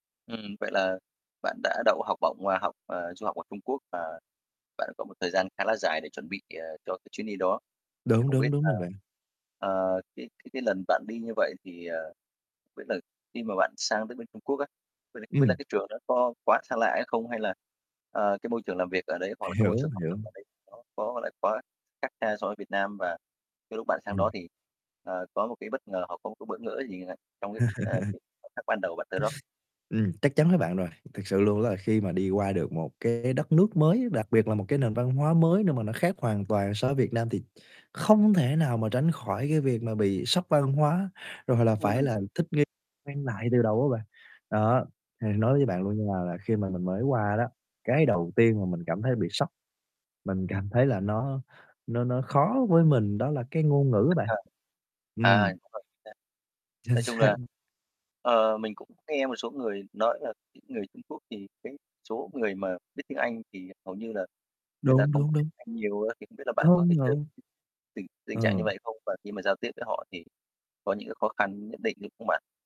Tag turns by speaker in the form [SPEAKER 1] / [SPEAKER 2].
[SPEAKER 1] Ừm. Vậy là bạn đã đậu học bổng và học ờ, du học ở Trung Quốc, và bạn có một thời gian khá là dài để chuẩn bị, ờ, cho cái chuyến đi đó. Thì
[SPEAKER 2] Đúng,
[SPEAKER 1] không biết
[SPEAKER 2] đúng, đúng
[SPEAKER 1] là,
[SPEAKER 2] rồi bạn.
[SPEAKER 1] ờ, cái cái cái lần bạn đi như vậy thì, ờ, biết là khi mà bạn sang tới bên Trung Quốc á, vậy thì không biết là
[SPEAKER 2] Ừm.
[SPEAKER 1] cái trường đó có quá xa lạ hay không? Hay là, ờ, cái môi trường làm việc ở đấy, hoặc là cái môi
[SPEAKER 2] Hiểu,
[SPEAKER 1] trường học
[SPEAKER 2] hiểu.
[SPEAKER 1] tập ở đấy nó có, gọi là, quá khác xa so với Việt Nam? Và cái lúc bạn sang đó
[SPEAKER 2] Ừm.
[SPEAKER 1] thì, à, có một cái bất ngờ, hoặc có một cái bỡ ngỡ gì, ờ, trong cái, ờ, cái khoảnh khắc ban đầu bạn tới đó?
[SPEAKER 2] Ừm, chắc chắn với bạn rồi. Thực sự luôn đó là khi mà đi qua được một cái đất nước mới á, đặc biệt là một cái nền văn hóa mới nơi mà nó khác hoàn toàn so với Việt Nam thì không thể nào mà tránh khỏi cái việc mà bị sốc văn hóa, rồi là phải
[SPEAKER 1] Ừm.
[SPEAKER 2] là thích nghi, quen lại từ đầu á bạn. Đó, thì nói với bạn luôn nha là khi mà mình mới qua đó, cái đầu tiên mà mình cảm thấy bị sốc. Mình cảm thấy là nó nó nó khó với mình đó là cái ngôn ngữ á
[SPEAKER 1] Tất
[SPEAKER 2] bạn.
[SPEAKER 1] cả. À,
[SPEAKER 2] Ừm.
[SPEAKER 1] đúng rồi, chính xác.
[SPEAKER 2] Chính
[SPEAKER 1] Nói chung
[SPEAKER 2] xác.
[SPEAKER 1] là, ờ, mình cũng nghe một số người nói là cái người Trung Quốc thì cái số người mà biết tiếng Anh thì hầu như là người ta
[SPEAKER 2] Đúng,
[SPEAKER 1] không có
[SPEAKER 2] đúng,
[SPEAKER 1] biết
[SPEAKER 2] đúng.
[SPEAKER 1] Anh nhiều á. Thì không biết là bạn có
[SPEAKER 2] Công
[SPEAKER 1] thể [unintelligible]
[SPEAKER 2] nhận.
[SPEAKER 1] tình tình trạng như
[SPEAKER 2] Ờ.
[SPEAKER 1] vậy không? Và khi mà giao tiếp với họ thì có những cái khó khăn nhất định như không bạn?